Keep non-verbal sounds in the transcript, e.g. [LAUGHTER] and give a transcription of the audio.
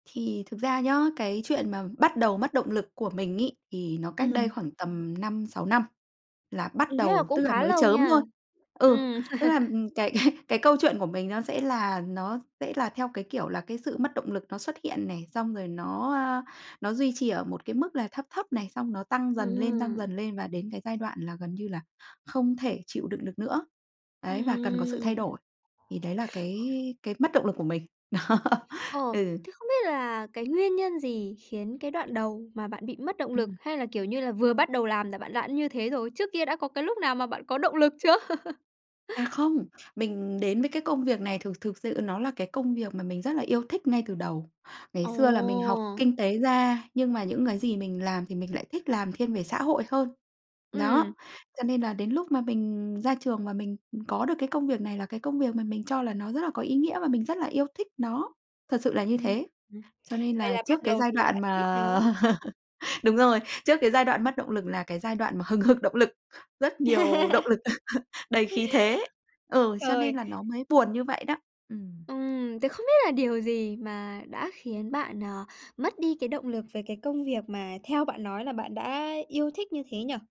Thì thực ra nhá, cái chuyện mà bắt đầu mất động lực của mình ấy, thì nó cách đây Ừm. khoảng tầm 5-6 năm là bắt Ừm, thế là đầu, cũng tức là khá mới lâu chớm nha. thôi. Ừ, Ừm. tức là, [LAUGHS] ừm, cái cái cái câu chuyện của mình nó sẽ là nó sẽ là theo, cái kiểu là, cái sự mất động lực nó xuất hiện này, xong rồi nó, a, nó duy trì ở một cái mức là thấp thấp này, xong nó tăng Ừm, dần lên, tăng ừm. dần lên và đến cái giai đoạn là gần như là không thể chịu đựng được nữa, ấy, và cần có sự thay Ừm. đổi. Thì đấy là cái cái mất động lực của mình. Đó, Ờ, ừ. thế không biết là cái nguyên nhân gì khiến cái đoạn đầu mà bạn bị mất động lực? Ừm. Hay là, kiểu như là, vừa bắt đầu làm là bạn đã như thế rồi? Trước kia đã có cái lúc nào mà bạn có động lực chưa? [LAUGHS] À, không, mình đến với cái công việc này thực thực sự nó là cái công việc mà mình rất là yêu thích ngay từ đầu. Ngày Ồ! xưa là mình học kinh tế ra nhưng mà những cái gì mình làm thì mình lại thích làm thiên về xã hội hơn. Ừm. Đó, cho nên là đến lúc mà mình ra trường và mình, ừm, có được cái công việc này là cái công việc mà mình cho là nó rất là có ý nghĩa và mình rất là yêu thích nó, thật sự là như Ừm, thế. ừm, Cho nên vậy là là bắt trước cái đầu giai vì là đoạn bạn thích mà nó. [LAUGHS] đúng rồi, trước cái giai đoạn mất động lực là cái giai đoạn mà hừng hực động lực, rất nhiều động [LAUGHS] lực, [LAUGHS] đầy khí thế, ừ, cho Trời! nên là nó mới buồn như vậy đó. Ừm. Ừm, tớ không biết là điều gì mà đã khiến bạn, ờ, mất đi cái động lực về cái công việc mà theo bạn nói là bạn đã yêu thích như thế nhỉ?